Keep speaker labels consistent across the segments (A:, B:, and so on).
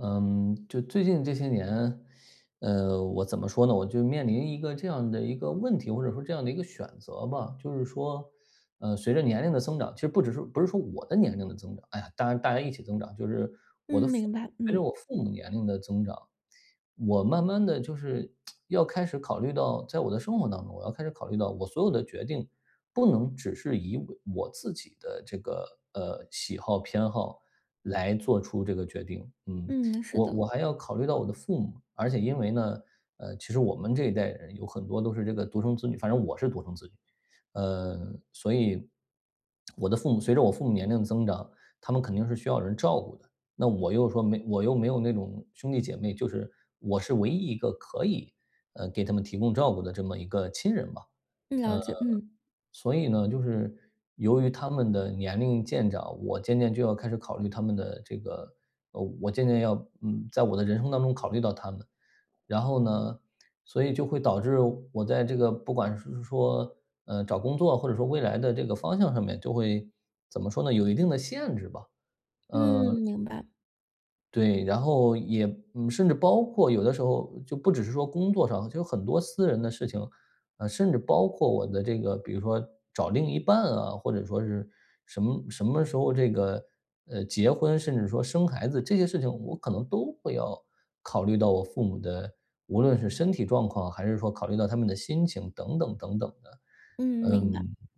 A: 嗯，就最近这些年，呃，我怎么说呢，我就面临一个这样的一个问题，或者说这样的一个选择吧。就是说，呃，随着年龄的增长，其实不只是不是说我的年龄的增长，唉，大家大家一起增长。就是我的
B: 嗯，
A: 父母
B: 明白，
A: 随着我
B: 嗯。
A: 父母年龄的增长，我慢慢的就是 要开始考虑到在我的生活当中，我要开始考虑到我所有的决定，不能只是以我我自己的这个，呃，喜好、偏好来做出这个决定，嗯。
B: 嗯，是
A: 我
B: 的。
A: 我还要考虑到我的父母，而且因为呢，呃，其实我们这一代人有很多都是这个独生子女反正我是独生子女，嗯，所以，我的父母随着我父母年龄的增长，他们肯定是需要人照顾的。那我又说没我又没有那种兄弟姐妹，就是我是唯一一个可以，呃，给他们提供照顾的这么一个亲人嘛。呃，
B: 嗯，了解，嗯。
A: 所以呢，就是由于他们的年龄渐长，我渐渐就要开始考虑他们的这个呃，我渐渐要，嗯，在我的人生当中考虑到他们。然后呢，所以就会导致我在这个不管是是说，呃，找工作或者说未来的这个方向上面就会怎么说呢，有一定的限制吧，嗯。
B: 嗯，明白。
A: 对，然后也嗯，甚至包括有的时候就不只是说工作上，就有很多私人的事情。啊，甚至包括我的这个比如说找另一半啊，或者说是什么什么时候这个，呃，结婚，甚至说生孩子这些事情，我可能都会要考虑到我父母的，无论是身体状况，还是说考虑到他们的心情等等等等的，
B: 嗯，明白。
A: 嗯。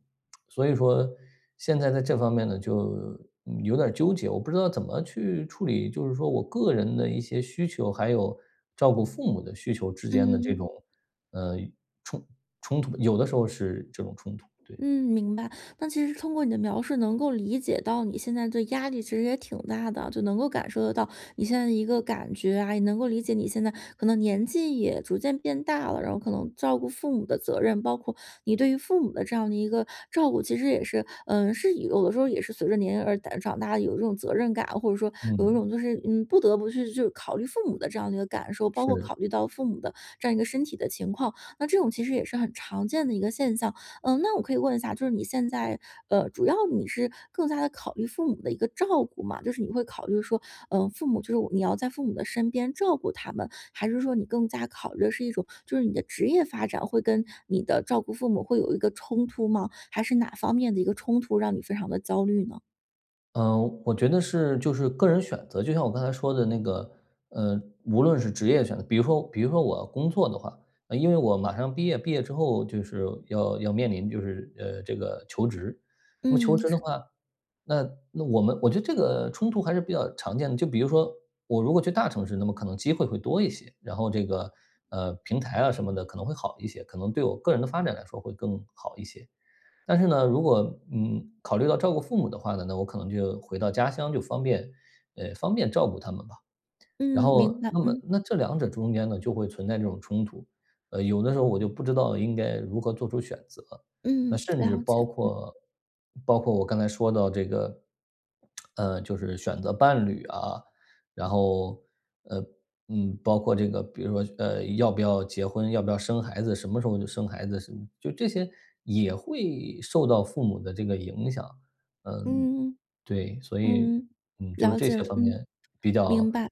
A: 所以说现在在这方面呢，就有点儿纠结，我不知道怎么去处理，就是说我个人的一些需求，还有照顾父母的需求之间的这
B: 嗯。
A: 种呃，冲冲突，有的时候是这种冲突，对。
B: 嗯，明白。但其实通过你的描述能够理解到你现在的压力其实也挺大的，就能够感受得到你现在的一个感觉啊，也能够理解你现在可能年纪也逐渐变大了，然后可能照顾父母的责任，包括你对于父母的这样的一个照顾，其实也是呃，是有的时候也是随着年龄而长大的有一种责任感，或者说有一
A: 嗯。
B: 种就是你不得不去就是考虑父母的这样的一个感受，包括
A: 是。
B: 考虑到父母的这样一个身体的情况，那这种其实也是很常见的一个现象。呃，那我可以问一下，就是你现在呃，主要你是更加地考虑父母的一个照顾嘛就是你会考虑说，呃，父母就是你要在父母的身边照顾他们，还是说你更加考虑的是一种就是你的职业发展会跟你的照顾父母会有一个冲突吗？还是哪方面的一个冲突让你非常地焦虑呢？
A: 呃，我觉得是就是个人选择，就像我刚才说的那个，呃，无论是职业选择比如说比如说我工作的话因为我马上毕业，毕业之后就是要要面临就是，呃，这个求职。那么
B: 嗯，
A: 求职的
B: 是的。
A: 话，那那我们我觉得这个冲突还是比较常见的。就比如说我如果去大城市，那么可能机会会多一些，然后这个，呃，平台啊什么的可能会好一些，可能对我个人的发展来说会更好一些。但是呢，如果嗯，考虑到照顾父母的话呢，那我可能就回到家乡，就方便呃，方便照顾他们吧。然
B: 嗯，
A: 后
B: 明白。
A: 那么
B: 嗯。
A: 那这2者中间呢，就会存在这种冲突，呃，有的时候我就不知道应该如何做出选择。那
B: 嗯，
A: 甚至
B: 了解。
A: 包
B: 嗯。
A: 括包括我刚才说到这个，呃，就是选择伴侣啊，然后呃，嗯，包括这个比如说，呃，要不要结婚，要不要生孩子，什么时候就生孩子的事。就这些也会受到父母的这个影响嗯，
B: 嗯，
A: 对。所以，
B: 嗯，
A: 嗯，就是
B: 了
A: 这
B: 解。
A: 些方
B: 嗯，
A: 面比较
B: 明白。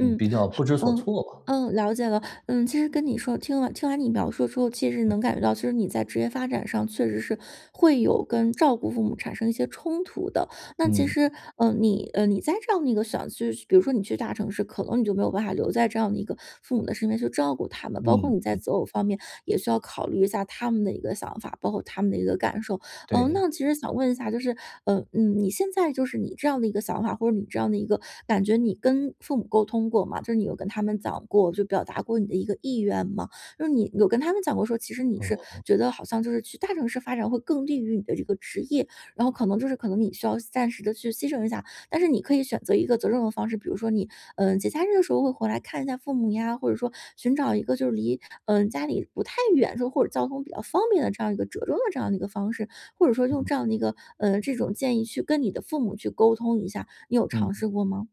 A: 嗯，比较
B: 好
A: 不知所
B: 嗯，
A: 措吧。
B: 嗯，了解了。嗯，其实跟你说听了听完你描述之后，其实能
A: 嗯。
B: 感觉到其实你在职业发展上确实是会有跟照顾父母产生一些冲突的。那其
A: 嗯。
B: 实，呃，你呃，你在这样的一个想去比如说你去大城市，可能你就没有办法留在这样的一个父母的身边去照顾他们，包括
A: 嗯
B: 你在
A: 嗯。
B: 择偶方面也需要考虑一下他们的一个想法，包括他们的一个感受。呃，
A: 对。
B: 那其实想问一下就是呃，嗯，你现在就是你这样的一个想法，或者你这样的一个感觉，你跟父母沟通过吗？就是你有跟他们讲过就表达过你的一个意愿吗？就是你有跟他们讲过说其实你是
A: 哦。
B: 觉得好像就是去大城市发展会更利于你的这个职业，然后可能就是可能你需要牺暂时地去牺牲一下但是你可以选择一个责任的方式，比如说你，嗯，节假日的时候会回来看一下父母呀，或者说寻找一个就是离呃，家里不太远，这种或者交通比较方便的这样一个折中的这样的一个方式，或者说用这
A: 嗯。
B: 样的一个呃，这种建议去跟你的父母去沟通一下，你有
A: 嗯。
B: 尝试过吗？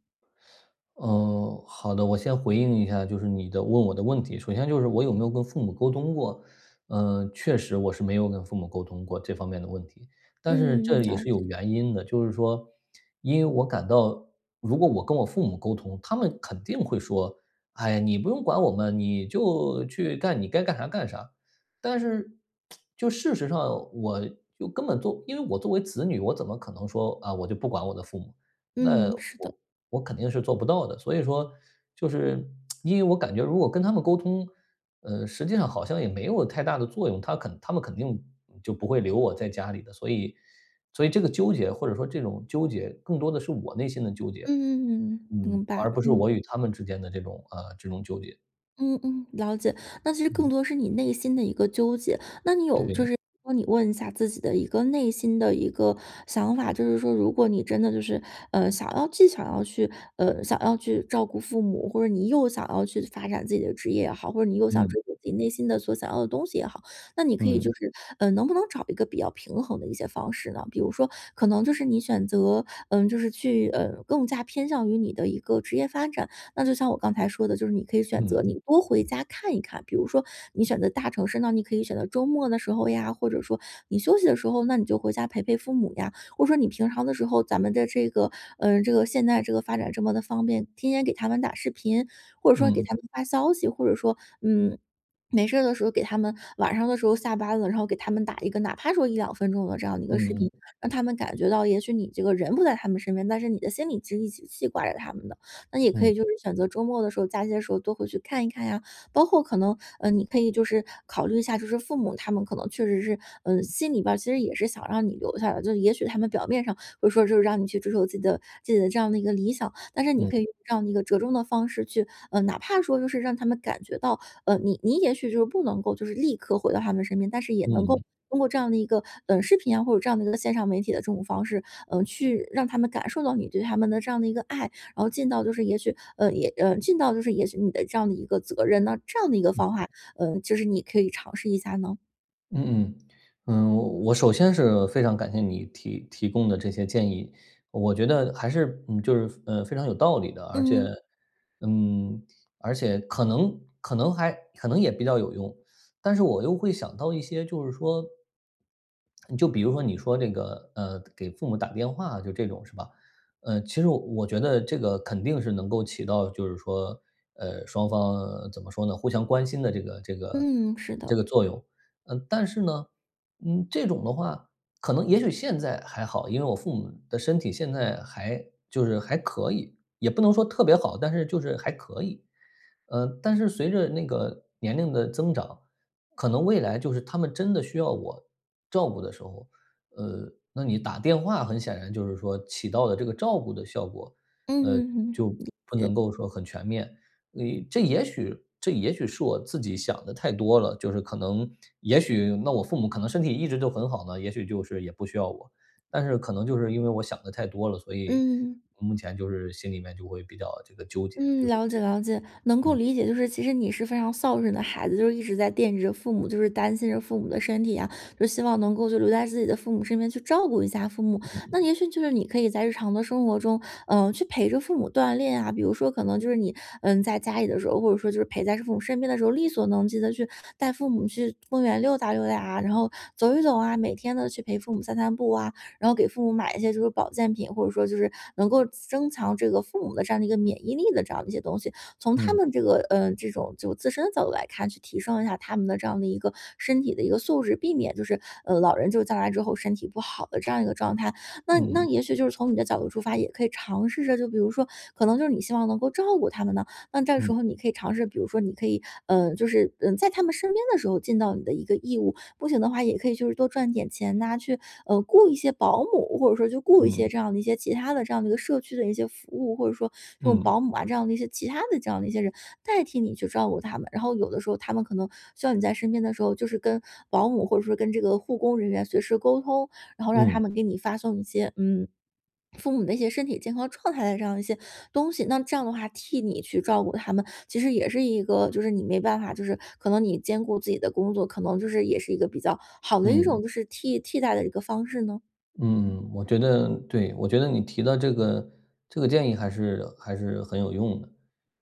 A: 嗯，好的，我先回应一下，就是你的问我的问题。首先就是我有没有跟父母沟通过，呃，确实，我是没有跟父母沟通过这方面的问题，但是
B: 嗯，
A: 这也
B: 了
A: 是有
B: 解。
A: 原因的，就是说，因为我感到如果我跟我父母沟通，他们肯定会说“哎呀，你不用管我们，你就去干你该干哈干啥”。但是，就事实上，我又根本做因为我作为子女，我怎么可能说，“啊，我就不管我的父母”，那
B: 嗯，是的。
A: 我我肯定是做不到的。所以说就是 因为我感觉如果跟他们沟通，呃，实际上好像也没有太大的作用，他肯他们肯定就不会留我在家里的。所以所以这个纠结或者说这种纠结更多的是我内心的纠结，
B: 嗯，
A: 嗯，
B: 明白。
A: 而不是我与
B: 嗯。
A: 他们之间的这种呃，这种纠结。
B: 嗯嗯，了解。那其实更
A: 嗯。
B: 多是你内心的一个纠结，那你有就
A: 对。
B: 是帮你问一下自己的一个内心的一个想法，就是说如果你真的就是，呃，想要既想要去呃，想要去照顾父母，或者你又想要去发展自己的职业也好，或者你又想
A: 嗯。
B: 追求自己内心的所想要的东西也好，那你可以
A: 嗯。
B: 就是呃，能不能找一个比较平衡的一些方式呢？比如说可能你选择呃，就是去呃，更加偏向于你的一个职业发展。那就像我刚才说的，就是你可以选
A: 嗯。
B: 择你多回家看一看，比如说你选择大城市，那你可以选择周末的时候呀，或者说你休息的时候，那你就回家陪陪父母呀。或者说你平常的时候，咱们的这个呃，这个现在这个发展这么的方便，天天给他们打视频，或者说给
A: 嗯。
B: 他们发消息，或者说，嗯，没事儿的时候给他们晚上的时候下班了，然后给他们打一个，哪怕说1-2分钟的这样的一
A: 嗯
B: 个视
A: 嗯。
B: 频，让他们感觉到，也许你这个人不在他们身边，但是你的心里其实一直记挂着他们的。那也可
A: 嗯。
B: 以就是选择周末的时候，假期的时候多回去看一看呀，包括可能呃，你可以就是考虑一下就是父母，他们可能确实是，呃，心里边其实也是想让你留下来。就是也许他们表面上会说就是让你去追求自己的自己的这样的一个理想，但是你可
A: 嗯。
B: 以用这样一个折中的方式去呃，哪怕说就是让他们感觉到呃，你你也许就是不能够就是立刻回到他们身边，但是也能够
A: 嗯。
B: 通过这样的一个呃，视频啊，或者这样的一个线上媒体的这种方式，呃，去让他们感受到你对他们的这样的一个爱。然后尽到就是也许呃，也呃，尽到就是也许你的这样的一个责任。那这样的一个
A: 嗯。
B: 方法，呃，就是你可以尝试一下呢？
A: 嗯嗯。嗯，我首先是非常感谢你提提供的这些建议，我觉得还是，嗯，就是，呃，非常有道理的，而且，
B: 嗯。
A: 嗯，而且可能可能还可能也比较有用。但是我又会想到一些就是说，就比如说你说这个，呃，给父母打电话就这种是吧，呃，其实我我觉得这个肯定是能够起到就是说，呃，双方怎么说呢，互相关心的这个这个
B: 嗯，是的。
A: 这个作用。呃，但是呢，嗯，这种的话，可能也许现在还好，因为我父母的身体现在还就是还可以，也不能说特别好，但是就是还可以。呃，但是随着那个年龄的增长，可能未来就是他们真的需要我照顾的时候，呃，那你打电话很显然就是说起到了这个照顾的效果，呃，
B: 嗯嗯，
A: 就
B: 理
A: 不
B: 解。
A: 能够说很全面。因为这也许这也许是我自己想得太多了，就是可能，也许那我父母可能身体一直都很好呢，也许就是也不需要我。但是可能就是因为我想得太多了，所以，
B: 嗯。
A: 目前就是心里面就会比较这个纠结，
B: 嗯，
A: 就是
B: 了解
A: 这个
B: 了解。能够
A: 嗯。
B: 理解就是其实你是非常孝顺的孩子，就一直在惦记着父母，就是担心着父母的身体啊，就希望能够留在自己的父母身边去照顾一下父母。那
A: 嗯。
B: 也许就是你可以在日常的生活中，呃，去陪着父母锻炼啊，比如说可能就是你，嗯，在家里的时候，或者说就是陪在父母身边的时候，力所能及地去带父母去公园溜达溜达啊，然后走一走啊，每天都去陪父母散散步啊，然后给父母买一些就是保健品，或者说就是，能够增强这个父母的这样的一个免疫力的这样的一些东西。从他
A: 嗯。
B: 们这个，呃，这种就自身的角度来看，去提升一下他们的这样的一个身体的一个素质，避免就是，呃，老人就是将来之后身体不好的这样一个状态。那那
A: 嗯。
B: 也许就是从你的角度出发，也可以尝试着，就比如说，可能就是你希望能够照顾他们呐，那这
A: 嗯。
B: 时候你可以尝试，比如说你可以，呃，就是在他们身边的时候尽到你的一个义务。不行的话，也可以就是多赚点钱呐，去，呃，雇一些保姆，或者说去雇一些
A: 嗯。
B: 这样的一些其他的这样的一个社区的一些服务，或者说这种
A: 嗯。
B: 保姆啊这样的一些，其他的这样的一些人，代替你去照顾他们。然后有的时候他们可能需要你在身边的时候，就是跟保姆或者说跟这个护工人员随时沟通，然后让他
A: 嗯。
B: 们给你发送一些，嗯，父母的一些身体健康状态的这样的一些东西。那这样的话，替你去照顾他们，其实也是一个就是你没办法就是，可能你兼顾自己的工作，可能就是也是一个比较好的一
A: 嗯。
B: 种，就是替替代的一个方式呢？
A: 嗯，我觉得对，我觉得你提的这个，这个建议还是还是很有用的。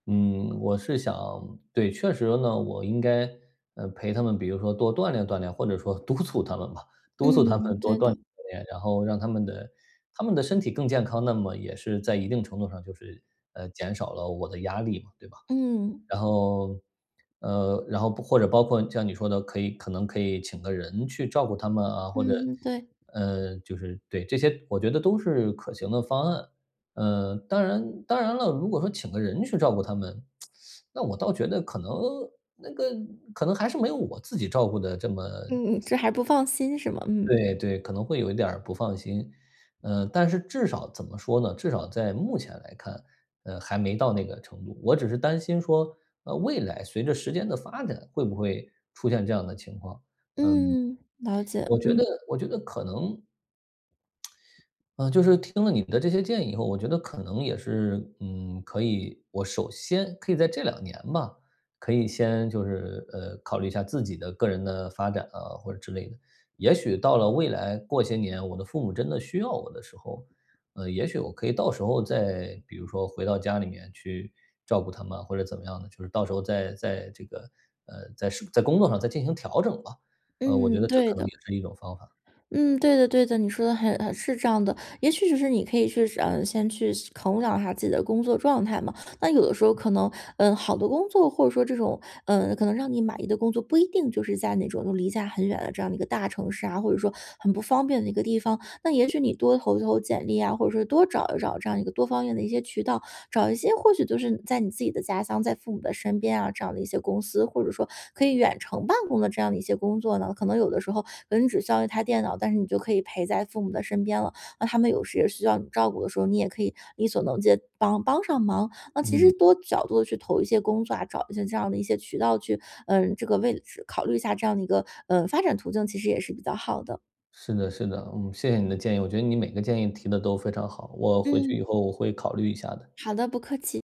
A: 嗯，我是想对，确实呢，我应该，呃陪他们比如说，多锻炼锻炼，或者说督促他们吧。督促他
B: 嗯，
A: 们多
B: 对
A: 锻炼
B: 的。
A: 锻炼。然后让他们的他们的身体更健康，那么也是在一定程度上就是，呃，减少了我的压力嘛，对吧？
B: 嗯。
A: 然后，呃，然后或者包括像你说的，可以可能可以请个人去照顾他们啊，或者，
B: 嗯，对。
A: 呃，就是，对，这些我觉得都是可行的方案。呃，当然当然了，如果说请个人去照顾他们，那我倒觉得可能那个，可能还是没有我自己照顾得这么
B: 嗯，这还不放心是吗？嗯。
A: 对对，可能会有一点儿不放心。呃但是至少怎么说呢，至少在目前来看，呃还没到那个程度。我只是担心说，呃未来随着时间的发展，会不会出现这样的情况。嗯，
B: 嗯，了解，
A: 我觉
B: 嗯。
A: 得我觉得可能呃，就是听了你们的这些建议以后，我觉得可能也是，嗯，可以我首先，可以在这2年吧，可以先，就是，呃考虑一下自己的个人的发展啊，或者之类的。也许到了未来，过些年，我的父母真的需要我的时候，嗯也许我可以到时候，再比如说回到家里面，去照顾他们，或者怎么样的。就是到时候再再这个，呃在，是在工作上再进行调整吧。呃，我觉
B: 嗯，
A: 得这
B: 对
A: 可能也
B: 的。
A: 是一种方法。
B: 嗯，对的对的。你说的很很是这样的。也许就是你可以去，呃，先去衡量一下自己的工作状态嘛。那有的时候可能，呃，好的工作或者说这种，呃，可能让你满意的工作，不一定就是在那种离家很远的这样的一个大城市啊，或者说，很不方便的一个地方。那也许你多投一投简历呀，或者说多找一找这样一个多方面的一些渠道，找一些或许就是在你自己的家乡，在父母的身边啊，这样的一些公司，或者说，可以远程办公的这样的一些工作呢，可能有的时候，可能只需要一台电脑，但是你就可以陪在父母的身边了。那他们有时也需要你照顾的时候，你也可以力所能及地帮帮上忙。那其
A: 嗯。
B: 实多角度地去投一些工作啊，找一些这样的一些渠道去呃，这个位置考虑一下这样的一个，呃，发展途径其实也是比较好的。
A: 是的是的，嗯，谢谢你的建议。我觉得你每个建议提得都非常好，我回去
B: 嗯。
A: 以后我会考虑一下的。
B: 好的，不客气。